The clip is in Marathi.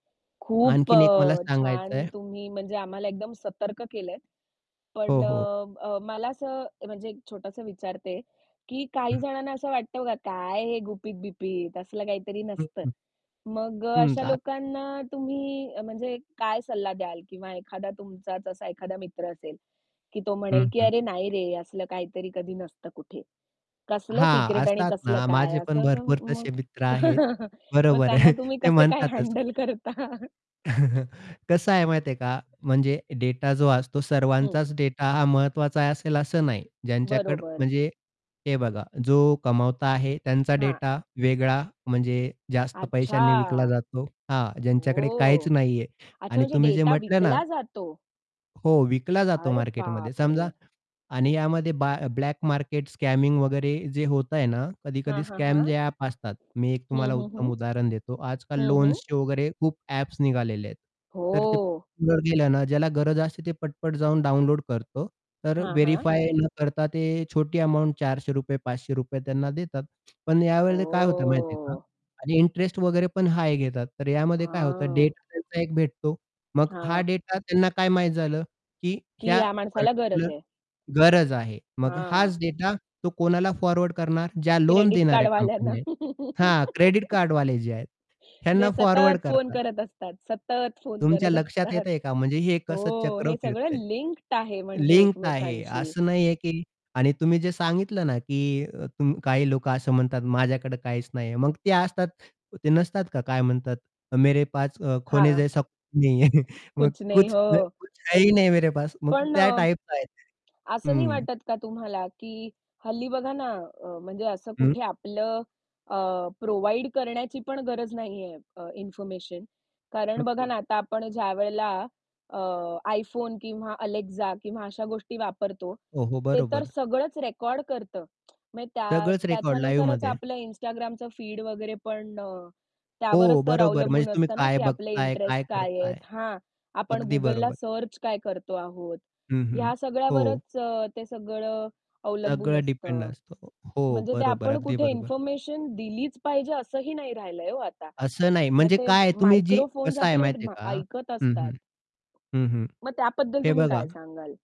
खूप आणखीन एक मला अ, छान सांगायचंय. तुम्ही म्हणजे आम्हाला एकदम सतर्क केलंय. हो, पण हो. अ, मला असं म्हणजे एक छोटंसं विचारते, की काही जणांना असं वाटतं बघ काय हे गुपित-बिपित असलं काहीतरी हं, हं. नसतं. [unintelligible] मग अ, हं. अशा [unintelligible] लोकांना तुम्ही म्हणजे काय सल्ला द्याल किंवा एखादा तुमचाच असा एखादा मित्र असेल, की तो हं, म्हणेल, की हं. अरे, नाही रे! असलं काहीतरी कधी नसतं कुठे. कसलं हां, सिक्रेट आणि असतात कसलं ना काय माझे पण असं भरपूर मग तसे मित्र आहेत. मग बरोबर. त्यांना तुम्ही ते कसे काय म्हणतातच हँडल करता? कसं आहे माहिती आहे का? म्हणजे डेटा जो असतो हं. सर्वांचाच डेटा हा महत्त्वाचा असेल असं नाही. ज्यांच्याकड बरोबर. म्हणजे हे बघा जो कमावता आहे त्यांचा हां. डेटा वेगळा म्हणजे जास्त अच्छा, पैशांनी विकला जातो. हां, ज्यांच्याकडे काहीच ओह! नाहीये. अच्छा, आणि म्हणजे तुम्ही जे डेटा म्हटलं ना विकला जातो? हो, विकला जातो अरे मार्केटमध्ये समजा बापरे! आणि यामध्ये ब ब्लॅक मार्केट स्कॅमिंग वगैरे जे होतंय ना हां, कधी-कधी हां, हां. स्कॅम जे ॲप असतात. मी एक हं, तुम्हाला हं, उत्तम हं. उदाहरण देतो. आजकाल हं, हं. लोन्सचे वगैरे खूप ॲप्स निघालेले आहेत. तर ते हो. वर गेल्यानं ज्याला गरज असते ते पट, पट जाऊन डाउनलोड करतो. तर हां, हां. व्हेरिफाय न करता ते छोटी अमाउंट ₹400 ₹500 त्यांना देतात. पण यावेळेला काय होतं माहिती आहे का? ओ! आणि इंटरेस्ट वगैरे पण हाय घेतात. तर यामध्ये काय होतं हां. डेटा त्यांचा एक भेटतो. मग हा हां. डेटा त्यांना काय माहित झालं की की ह्या ह्या माणसाला गरज पार्टिक्युलर आहे. गरज आहे. मग हां. हाच डेटा तो कोणाला फॉरवर्ड करणार ज्या लोन क्रेडिट कार्ड देणाऱ्या वाल्यांना. कंपन्या आहेत. हां, क्रेडिट कार्ड वाले जे आहेत ह्यांना जे फॉरवर्ड सतत फोन करतात. करत असतात सतत फोन तुमच्या करत लक्षात असतात. येतंय का? म्हणजे हे कसं हो, चक्र हे सगळं फिरतंय? लिंक्ड आहे म्हणजे लिंक्ड आहे एकमेकांशी? असं नाहीये की आणि तुम्ही जे सांगितलं ना की तु काही लोकं असं म्हणतात माझ्याकडे काहीच नाहीये. मग ते असतात ते नसतात का काय म्हणतात मेरे पास अ, खोने हां. जैसा कूछ नहीं है कुछ नही. कुछ हो. है ही नहीं मेरे पास मग पण त्या अ, टाइपचं आहे ते. असं नाही हं. वाटत का तुम्हाला की हल्ली बघा ना अ, म्हणजे असं हं. कुठे आपलं अ, प्रोव्हाईड करण्याची पण गरज नाहीये अ, इन्फॉर्मेशन. कारण हं, बघा हं. ना आता आपण ज्यावेळेला अ, iPhone किंवा अलेक्सा किंवा अशा गोष्टी वापरतो ओहो! ते तर बरोबर. सगळंच रेकॉर्ड करतं. म्हणजे त्या सगळंच रेकॉर्ड त्याच्यानुसारच लाईवमध्ये. आपलं Instagramचं फीड वगैरे पण अ, त्यावरच हो, तर बरोबर म्हणजे अवलंबून तुम्ही असतं ना काय की आपले बघताय, काय इंटरेस्ट काय आहेत? करताय? हां, आपण अगदी Googleला बरोबर. सर्च काय करतो आहोत? हं, हं, ह्या हो. सगळ्यावरच ते सगळं अवलंबून सगळं डिपेंड असतं. असतं. हो म्हणजे ते बरोबर, आपण अगदी कुठे बरोबर. इन्फॉर्मेशन दिलीच पाहिजे असंही नाही राहिलंय हो आता. असं नाही मग म्हणजे ते काय तुम्ही जी मायक्रोफोन्स कसं आहे आपले माहिती आहे [unintelligible] का? ऐकत हं, असतात. हं, हं, हं. मग त्याबद्दल हे तुम्ही बघा. काय सांगाल?